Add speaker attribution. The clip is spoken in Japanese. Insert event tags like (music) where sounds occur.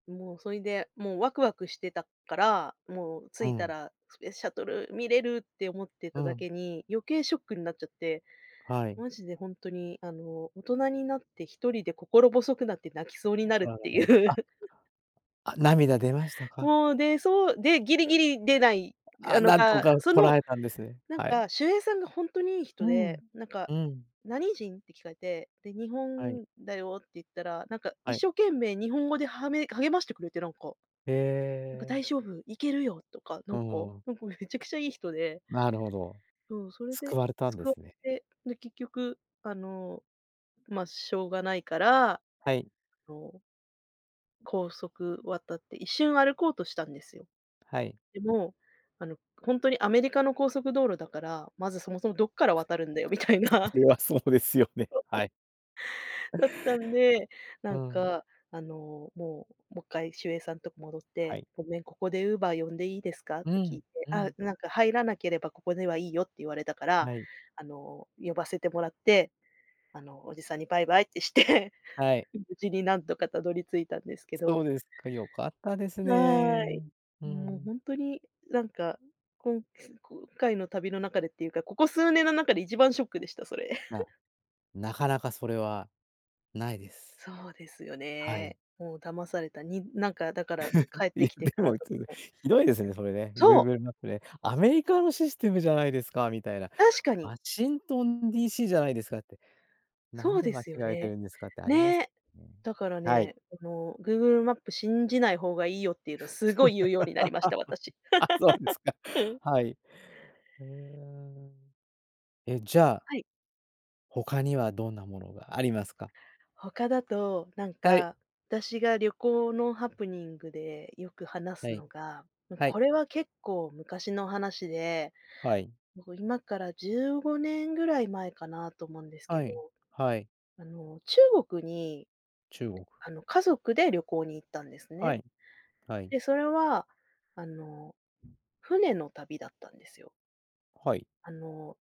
Speaker 1: もうそれでもうワクワクしてたから、もう着
Speaker 2: う
Speaker 1: いた
Speaker 2: ん。
Speaker 1: らスペースシャトル見れるって思って
Speaker 2: う
Speaker 1: ただ
Speaker 2: ん。
Speaker 1: けに余計ショックになっちゃって、
Speaker 2: はい。
Speaker 1: マジでほんとにあの大人になって1人で心細くなって泣きそう
Speaker 2: (unintelligible)
Speaker 1: になる
Speaker 2: あらら
Speaker 1: って
Speaker 2: ま、
Speaker 1: いう。
Speaker 2: ああ、涙出ましたか？
Speaker 1: もう、で、そう、で、ぎりぎり出ない、あ
Speaker 2: あ、
Speaker 1: の、
Speaker 2: なんと
Speaker 1: が、
Speaker 2: か
Speaker 1: そ
Speaker 2: 堪
Speaker 1: の、
Speaker 2: えたんですね。
Speaker 1: なん
Speaker 2: はい。
Speaker 1: か守衛さんがほんとにいい
Speaker 2: う
Speaker 1: 人
Speaker 2: ん、
Speaker 1: で、なんか
Speaker 2: うん。
Speaker 1: 「何人？」って聞かれて、で「日
Speaker 2: はい。
Speaker 1: 本だよ」って言ったら、なんか
Speaker 2: は
Speaker 1: 一
Speaker 2: い。
Speaker 1: 生懸命日本語ではめ、励ましてくれて、なんか。
Speaker 2: へ
Speaker 1: なんか
Speaker 2: え。
Speaker 1: 「大丈夫、行けるよ」とか、な
Speaker 2: う
Speaker 1: んか、
Speaker 2: ーん。
Speaker 1: なんかめちゃくちゃいい人で
Speaker 2: なるほど。
Speaker 1: そう、それ
Speaker 2: 救
Speaker 1: で、
Speaker 2: われた
Speaker 1: す
Speaker 2: んで
Speaker 1: くわ
Speaker 2: すね。
Speaker 1: れ、で、結局、あの、ま、しょうがないから、あ
Speaker 2: はい。
Speaker 1: の、高速渡って一瞬歩こうとしたんですよ。
Speaker 2: はい。
Speaker 1: でも、あのほんとにアメリカの高速道路だから、まずそもそもどっから渡るんだよみたい
Speaker 2: そ
Speaker 1: な。
Speaker 2: れはそうですよね、はい。
Speaker 1: (unintelligible) だったんで、な
Speaker 2: う
Speaker 1: ん
Speaker 2: ん。
Speaker 1: かあのもう、もっかい守衛さんとこ戻っ
Speaker 2: は
Speaker 1: て
Speaker 2: い。
Speaker 1: 「ごめん、ここで Uber 呼んでいいですか？」っ
Speaker 2: う
Speaker 1: て聞
Speaker 2: ん、
Speaker 1: いて、
Speaker 2: う
Speaker 1: あ、
Speaker 2: ん。
Speaker 1: なんか「入らなければここではいいよ」って言われたから、
Speaker 2: はい。
Speaker 1: あの呼ばせてもらって、あのおじさんにバイバイってして、
Speaker 2: はい。
Speaker 1: 無事に何とかたどり着いたんですけ
Speaker 2: そ
Speaker 1: ど
Speaker 2: うですか、よかったです
Speaker 1: はい、
Speaker 2: ね。うー
Speaker 1: もう
Speaker 2: ん。
Speaker 1: ほんとになんか、こん、今回の旅の中でっていうか、ここ数年の中で一番ショックでした、それ。
Speaker 2: や、
Speaker 1: (giggles)
Speaker 2: なかなかそれはないです。
Speaker 1: そうですよ
Speaker 2: はい。
Speaker 1: ね。もう騙された。になんかだから
Speaker 2: (giggles)
Speaker 1: 帰っ
Speaker 2: い
Speaker 1: て
Speaker 2: や、
Speaker 1: きてか
Speaker 2: で
Speaker 1: ら
Speaker 2: もい
Speaker 1: とか
Speaker 2: つも
Speaker 1: も
Speaker 2: ひどいですね、それね、グ
Speaker 1: そ
Speaker 2: ー
Speaker 1: う。
Speaker 2: グルマップね「アメリカのシステムじゃないですか」みたいな
Speaker 1: 確かに。
Speaker 2: 「ワシントン DC じゃないですか」って「なん
Speaker 1: そう
Speaker 2: で
Speaker 1: で
Speaker 2: 間違
Speaker 1: すよ
Speaker 2: えて
Speaker 1: ね。
Speaker 2: るんですか」ってありま
Speaker 1: ね
Speaker 2: す
Speaker 1: え。
Speaker 2: ね。
Speaker 1: だから
Speaker 2: はい。
Speaker 1: ね、あのグーグルマップ信じない方がいいよっていうの凄い言うようになりました、私。
Speaker 2: (laughs) あ、そうですか。
Speaker 1: (laughs) うん。
Speaker 2: はい。ええ、え、じゃあ
Speaker 1: はい。
Speaker 2: 他にはどんなものがありますか？
Speaker 1: 他だと、なん
Speaker 2: はい。
Speaker 1: か、私が旅行のハプニングでよく話
Speaker 2: は
Speaker 1: す
Speaker 2: い、
Speaker 1: のが、ん、
Speaker 2: はい。
Speaker 1: これは結構昔の話で、
Speaker 2: はい。
Speaker 1: もう今から15年ぐらい前かなと思うんですけ
Speaker 2: は
Speaker 1: ど、
Speaker 2: い、はい。
Speaker 1: あの、中国に、
Speaker 2: 中国。
Speaker 1: あの、家族で旅行に行ったんです
Speaker 2: は
Speaker 1: ね。
Speaker 2: い、はい。
Speaker 1: で、それは、あの、船の旅だったんですよ。
Speaker 2: はい。
Speaker 1: あの